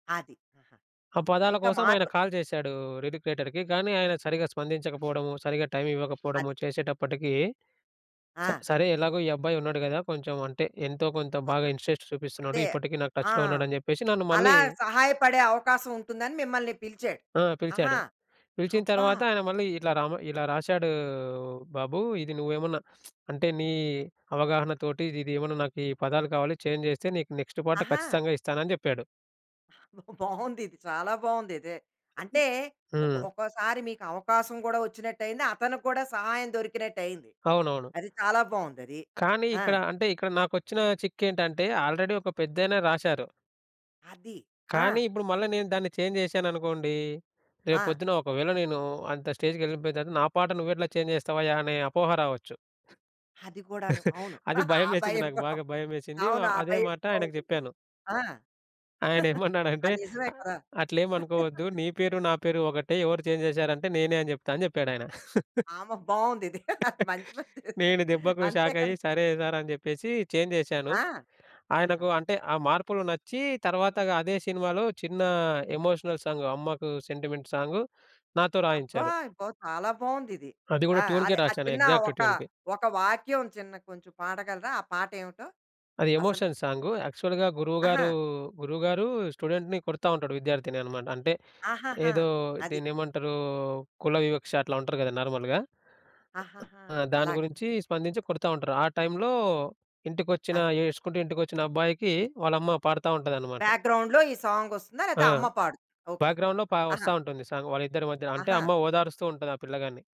అది. ఆహా! ఆ ఆహ్, పదాల ఇంకా కోసం, ఆయన మార్పు కాల్ జేశాడూ, లిరిక్ రైటర్‌కి, కానీ ఆయన సరిగా స్పందించకపోడము, సరిగా టైం ఇవ్వకపోడము అది. చేసేటప్పటికీ, స ఆ! సరే ఎలాగో ఈ అబ్బాయున్నాడు గదా! కొంచెం అంటే, ఎంతో కొంత బాగా [unintelligible] ఇన్సెస్ట్ చూపిస్తున్నాడు, అదే. ఇప్పటికి నాకు ఆ! టచ్‌లో ఉన్నాడని జెప్పేసి, నన్ను మళ్ళీ అలా సహాయపడే అవకాశం ఉంటుందని మిమ్మల్ని పిలిచాడు. ఆ! ఆహా! పిలిచాడు. పిలిచిన అబ్బా! తరవాత ఆయన మళ్ళీ, ఇట్లా రామ, ఇలా రాశాడూ బాబూ, ఇది నువ్వేమన్నా అంటే, నీ అవగాహన తోటి, ఇదిదేమన్నా నాకు ఈ పదాలు కావాలి, చేంజ్ చేస్తే, నీకు నెక్స్ట్ పాట ఆహా! ఖచ్చితంగా ఇస్తానని జెప్పాడు. బావుందిది. చాలా బావుందిదే. అంటే ఒకొ హ్మ్. ఒక్కొసారి మీకవకాశం గూడా వచ్చినట్టయింది, అతనికి గూడా సహాయం దొరికినట్టయింది. అవునవును. అది చాలా బావుందది. కానీ, ఆ! ఇక్కడ అంటే ఇక్కడ నాకొచ్చిన చిక్కేంటంటే, ఆల్రెడీ ఒక పెద్దాయన రాసారు. అది. ఆ! కానీ ఇప్పుడు మళ్ళ నేను దాన్ని చేంజ్ జేశాననుకోండీ, ఆ! రేపొద్దున ఒకవేళ నేను అంత స్టేజ్‌కెళ్ళిపోయిన తర్వాత, నా పాట నువ్వెట్లా చేంజ్ జేస్తావయ్యా, అనే అపోహ రావచ్చు. అది గూడాను, అవును. అది ఆ భయమేసింది భయం నాకు కూడా. బాగా భయమేసింది ఆ! అవును, ఆ అదే భయం మాట గూడా ఆయనకు ఉంటుంది. జెప్పాను. ఆ! ఆ! ఆయనేమన్నాడంటే, నిజమే అ కదా! "అట్లేమనుకోవద్దు, నీ పేరు, నా పేరు ఒకటే. ఎవరు చేంజ్ జేసారంటే, నేనే అని చెప్తాను." అని జెప్పాడాయన. ఆమ బావుందిది. మంచి పని చెశా నేను దెబ్బకు అంతే కదా! షాకయ్యి. "సరే సారు." అని జెప్పేసీ, చేంజ్ జేశాను. ఆ! అహా! ఆయనకు అంటే ఆ మార్పులు నచ్చీ, తరవాత‌గా అదే సినిమాలో, చిన్న ఎమోషనల్ సాంగ్, అమ్మకు సెంటిమెంట్ సాంగు, నాతో అబ్బా! రాయించారు. అబ్బో! చాలా బావుందిది. అది గూడా ఆ! ట్యూన్‌‌కే అదే, ఆ రాసాను. చిన్న ఎగ్జాక్ట్ ఒక ట్యూన్‌‌కి. ఒక వాక్యం చిన్న కొంచెం పాడగలరా? ఆ పాటేమిటో అది అసలు. ఎమోషన్ సాంగు, యాక్చువల్‌గా ఆహా! గురువుగారూ, గురువుగారూ స్టూడెంట్‌ని కొడతా ఉంటాడు, విద్యార్థిని అనమాట. అంటే ఆహాహా! ఏదో అది. దీన్నేమంటరూ, కుల వివక్ష అట్లా ఉంటరు గదా నార్మల్‌గా. ఆహాహా! ఆ దాని అలాగా. గురించీ, స్పందించి కొడతా ఉంటారు. ఆ టైంలో ఇంటికొచ్చిన అది. ఏడుసుకుంటూ ఇంటికొచ్చిన అబ్బాయికి వాళ్ళమ్మ పాడతా ఉంటదనమాట. బ్యా‌గ్రౌండ్‌లో ఈ సాంగొస్తుందా? ఆ! లేతే అమ్మ పాడు ఓకే. బ్యాక్‌గ్రౌండ్‌లో పా వస్తా ఆహా! ఉంటుంది సాంగ్, వాళ్ళిద్దరి మధ్యన. అంటే ఆహా! అమ్మ ఓదారుస్తూ ఉంటది ఆ పిల్లగాన్ని.